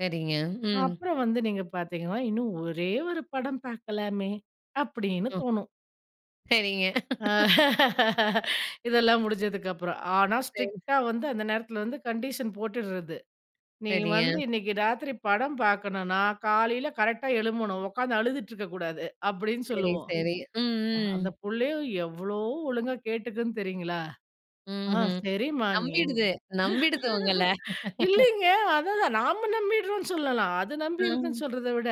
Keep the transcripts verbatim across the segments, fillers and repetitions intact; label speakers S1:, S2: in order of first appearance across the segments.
S1: சரிங்க, ம்.
S2: அப்புறம் வந்து நீங்க பார்த்தீங்கன்னா, இன்னும் ஒரே ஒரு படம் பார்க்கலாமே அப்டின்னு
S1: ம்.
S2: தோணும்.
S1: சரிங்க.
S2: ஆ. இதெல்லாம் முடிஞ்சதுக்கு அப்புறம். ஆனா
S1: சரி.
S2: ஸ்ட்ரிக்ட்டா வந்து அந்த நேரத்துல வந்து கண்டிஷன் போட்டுர்றது. நீ வந்து
S1: சரிங்க.
S2: இன்னைக்கி ராத்திரி படம் பார்க்கணுன்னா, காலைல கரெக்ட்டா எழும்பணும். உட்கார்ந்து அழுதுட்டு இருக்க கூடாது, அப்டின்னு
S1: சரி,
S2: சொல்லுவோம்.
S1: சரி, ம், ம்.
S2: அந்த புள்ளையும் எவ்ளோ ஒழுங்கா கேட்டுக்குன் தெரியுங்களா? ஆ
S1: ம்ஹ்ம்.
S2: சரிம்மா நீ
S1: நம்பிடுது நம்பிடுது உங்கள.
S2: இல்லைங்க அததான் தான் நாம நம்பிட்றோம்னு சொல்லலாம். அது நம்பிர்துன்னு
S1: அ.
S2: சொல்றத விட.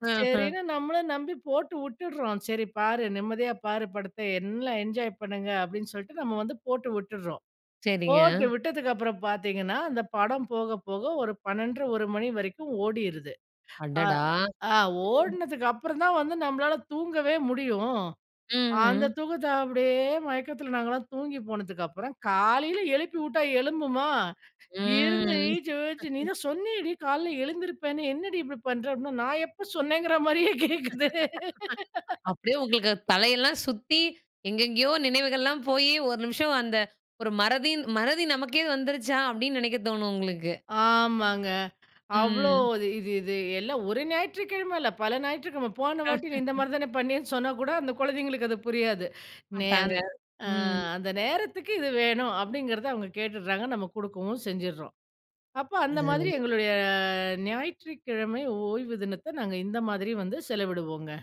S1: ஆஹ.
S2: சரின்னு நம்மளும் நம்பி போட்டு விட்டுர்றோம். சரி பாரு நிம்மதியா பாரு படத்த. என்லாம் என்ஜாய் பண்ணுங்க அப்டின்னு சொல்லிட்டு நம்ம வந்து போட்டு விட்டுர்றோம்.
S1: சரிங்க.
S2: போட்டு விட்டதுக்கப்புறம் பார்த்தீங்கன்னா, அந்த படம் போக போக ஒரு பண்ணெண்டரை ஒரு மணி வரைக்கும் ஓடிருது. அ
S1: அடடா!
S2: ஆ
S1: ம்.
S2: ஓடுனதுக்கு அப்புறம் தான் வந்து நம்மளால தூங்கவே முடியும். அந்த
S1: ம்ஹ்ம்.
S2: தூக்கத்த அப்டியே மயக்கத்துல நாங்கல்லாம் தூங்கி போனதுக்கப்புறம், காலையில எழுப்பி விட்டா எழும்புமா, இருந்து
S1: ம்.
S2: எழுந்துர்துச்சு எழுந்துர்ச்சு "நீ தான் சொன்னியேடி காலையில் எழுந்திருப்பேன்னு என்னடி இப்படி பண்ற?" நான் எப்ப சொன்னேன்கிற மாதிரியே கேட்குது.
S1: அப்டியே உங்களுக்கு தலைல்லாம் சுத்தி, எங்கேங்கேயோ நினைவுகள் எல்லாம் போயி, ஒரு நிமிஷம் அந்த ஒரு மறதின் மறதி நமக்கே வந்துருச்சா? அப்டின்னு நெனைக்க தோணும் உங்களுக்கு.
S2: ஆமாங்க. அவ்ளோ
S1: ம்.
S2: இது இது இது எல்லாம் ஒரு ஞாயிற்றுக்கிழம இல்ல. பல ஞாயிற்றுக்கிழம. போன வாட்டி நீ இந்த மாதிரி தானே பண்ணியேன்னு சொன்னா கூட, அந்த கொழந்தைங்களுக்கு அது புரியாது. நே
S1: மாட்டாங்க.
S2: அந் ஆ
S1: ம்.
S2: அந்த நேரத்துக்கு இது வேணும். அப்டிங்கிறத அவங்க கேட்டுர்றாங்க நம்ம குடுக்கவும் செஞ்சுர்றோம். அப்ப அந்த மாதிரி
S1: அதாவது
S2: எங்களுடைய ஞாயிற்றுக்கிழமை ஓய்வு தினத்த, நாங்க இந்த மாதிரி வந்து செலவிடுவோங்க.